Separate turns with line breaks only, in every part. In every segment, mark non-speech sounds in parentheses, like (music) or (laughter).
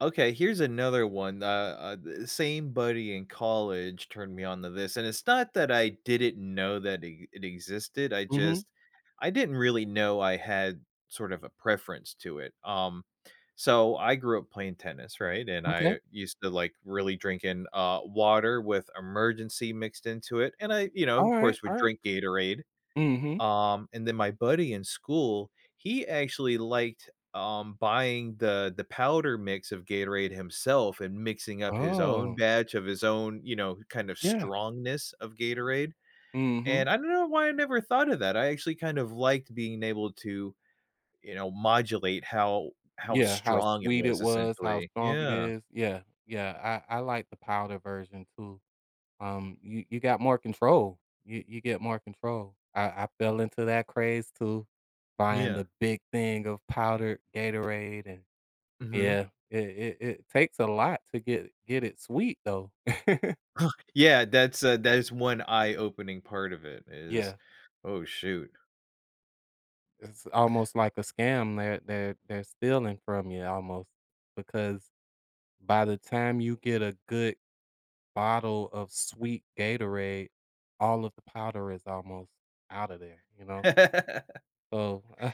Okay, here's another one, uh, uh d same buddy in college turned me on to this, and it's not that I didn't know that it it existed, I
Mhm.
just I didn't really know I had sort of a preference to it. Um, so I grew up playing tennis, right? And
Okay.
I used to, like, really drink in, uh, water with Emergen-C mixed into it, and I you know, of
Alright,
course, would
alright.
drink Gatorade.
Mhm.
Um, and then my buddy in school, he actually liked, um, buying the the powder mix of Gatorade himself and mixing up his own
Oh.
batch of his own, you know, kind of
Yeah.
strongness of Gatorade,
Mhm.
and I don't know why I never thought of that. I actually kind of liked being able to, you know, modulate how how
Yeah, how
strong it
sweet it
was
was, how
essentially.
strong it
Yeah.
is, yeah, yeah. I I like the powder version too. Um, you you got more control. You you get more control. I I fell into that craze too,
Mm,
buying
yeah.
the big thing of powdered Gatorade and
Mhm.
yeah. It it it takes a lot to get get it sweet though. (chuckles)
Uh, yeah, that's, uh, that's 1 eye opening part of it is
Yeah.
oh, shoot.
It's almost like a scam, they're they're they're stealing from you almost because by the time you get a good bottle of sweet Gatorade, all of the powder is almost out of there, you know?
(laughs)
So, uh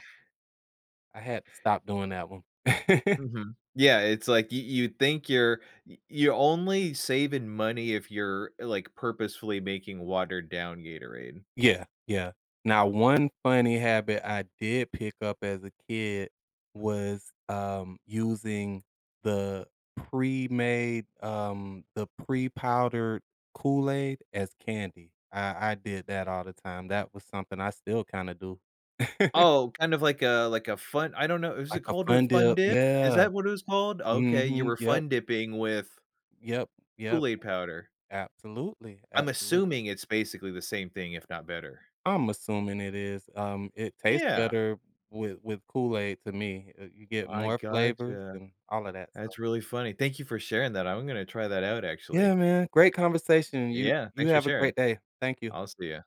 I had to stop doing that one. (chuckles)
Mhm. Yeah, it's, like, y you think you're y you're only saving money if you're, like, purposefully making watered down Gatorade.
Yeah, yeah. Now 1 funny habit I did pick up as a kid was, um, using the pre-made, um, the pre-powdered Kool Aid as candy. I I did that all the time, that was something I still kinda do. (chuckles)
Oh, kind of like a like a fun I don't know, is it
Like a
called a
fun
fun
dip,
dip? Is
yeah.
that what it was called? Okay, you
Mhm,
were
yep.
fun dipping with
Yep, yep.
Kool-Aid powder.
Absolutely,
I'm
absolute
assuming it's basically the same thing, if not better.
I'm assuming it is. Um, it tastes
Yeah.
better with with Kool-Aid to me, uh, you get
I
more flavors
gotcha.
and all of that stuff.
That's really funny. Thank you for sharing that, I'm gonna try that out,
Yeah,
actually.
man, great conversation, you
Yeah,
you
thanks for
have a
sharing.
great day. Thank you.
I'll see ya.